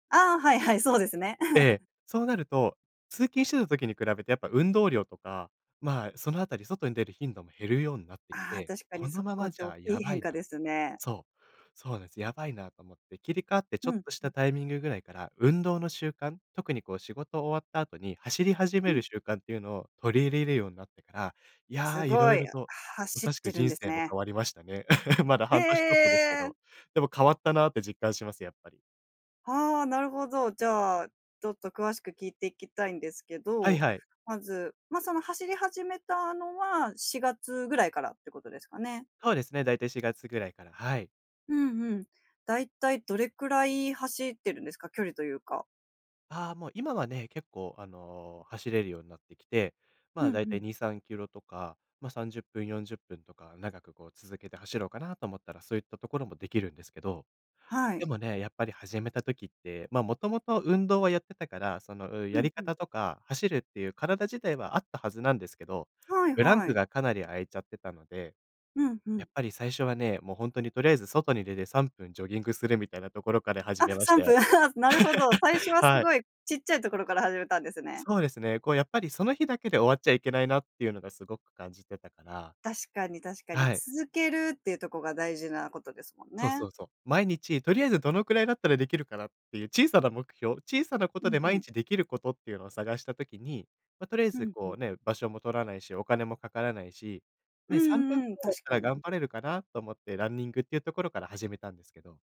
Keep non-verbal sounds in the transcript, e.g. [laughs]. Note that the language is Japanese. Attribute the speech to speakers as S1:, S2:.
S1: ああ、はいはい、そうですね。[chuckles]
S2: で、そうなると、通勤してた時に比べてやっぱ運動量とか、まあ、そのあたり、外に出る頻度も減るようになってき
S1: ああ、
S2: て、
S1: 確か
S2: こ
S1: にそ
S2: のま
S1: こ
S2: ま
S1: って
S2: じ
S1: おっ
S2: ゃ
S1: き
S2: や
S1: い
S2: ば
S1: 変
S2: い
S1: 化
S2: な
S1: ですね。
S2: そうそうです、やばいなと思って、切り替わってち
S1: ふ
S2: ょっ
S1: ん、
S2: とした
S1: ふ。
S2: タイミングぐらいから、運動の習慣、特にこう仕事終わった後に走り始
S1: う
S2: め
S1: ん。
S2: る習慣っていうのを取り入れるようになってから、い
S1: す
S2: や、色
S1: ご
S2: 々
S1: い、あ、
S2: と、ま
S1: 走っ
S2: さしく
S1: てるん
S2: 人
S1: です
S2: 生も
S1: ね。
S2: 変わりましたね。[chuckles] まだ半年ちょっとですけ
S1: ええ。
S2: ど。でも、変わったなって実感します、やっぱり。
S1: はあ、なるほど。じゃあ、ちょっと詳しく聞いていきたいんですけ
S2: はい
S1: ど。
S2: はい。
S1: まず、ま、その走り始めたのは4月ぐらいからってことですかね。
S2: そうですね、だいたい4月ぐらいから。はい。
S1: うんうん。大体どれくらい走ってるんですか？距離というか。
S2: ああ、もう今はね、結構、あの、走れるようになってきて。
S1: ふ
S2: まあ、
S1: ん
S2: だい
S1: ふ
S2: た
S1: ん。
S2: い2、3キロとか、ま、30分、40分とか長くこう続けて走ろうかなと思ったらそういったところもできるんですけど。
S1: は
S2: で
S1: い。
S2: もね、やっぱり始めた時って、ま、もともと運動はやってたから、その、うん、
S1: う
S2: や
S1: ん
S2: り
S1: うん。
S2: 方とか走るっていう体自体はあったはずなんですけど、
S1: はい
S2: ブラン
S1: は
S2: ク
S1: い。
S2: がかなり空いちゃってたので。
S1: うんう
S2: や
S1: ん。
S2: っぱり最初はね、もうほんとにとりあえず外に出て3分ジョギングするみたいなところから始
S1: あっ、
S2: めまし
S1: さ
S2: た
S1: んぷん
S2: よ。
S1: はあ、すなるほど。最初
S2: [laughs]
S1: はす
S2: はい。
S1: ごい、ちっちゃいところから始めたんですね。
S2: そうですね、こう、やっぱりその日だけで終わっちゃいけないなっていうのがすごく感じてたから。
S1: 確かに確かに、
S2: はい。
S1: 続けるっていうとこが大事なことですもん
S2: そうそ
S1: ね。
S2: うそう。毎日とりあえずどのくらいだったらできるかなっていう小さな目標、小さなこ
S1: う
S2: と
S1: ん
S2: で毎
S1: うん。
S2: 日できることっていうのを探した時に、ま、とりあえ
S1: ふ
S2: ず、
S1: んふ
S2: こう
S1: ん。
S2: ね、場所も取らないし、お金もかからないし、
S1: うん
S2: ね、3分
S1: うんうん、
S2: [unintelligible]
S1: 確
S2: た
S1: か
S2: ら、
S1: に。
S2: 頑張れるかなと思って、ランニングっていうところから始めたんですけど。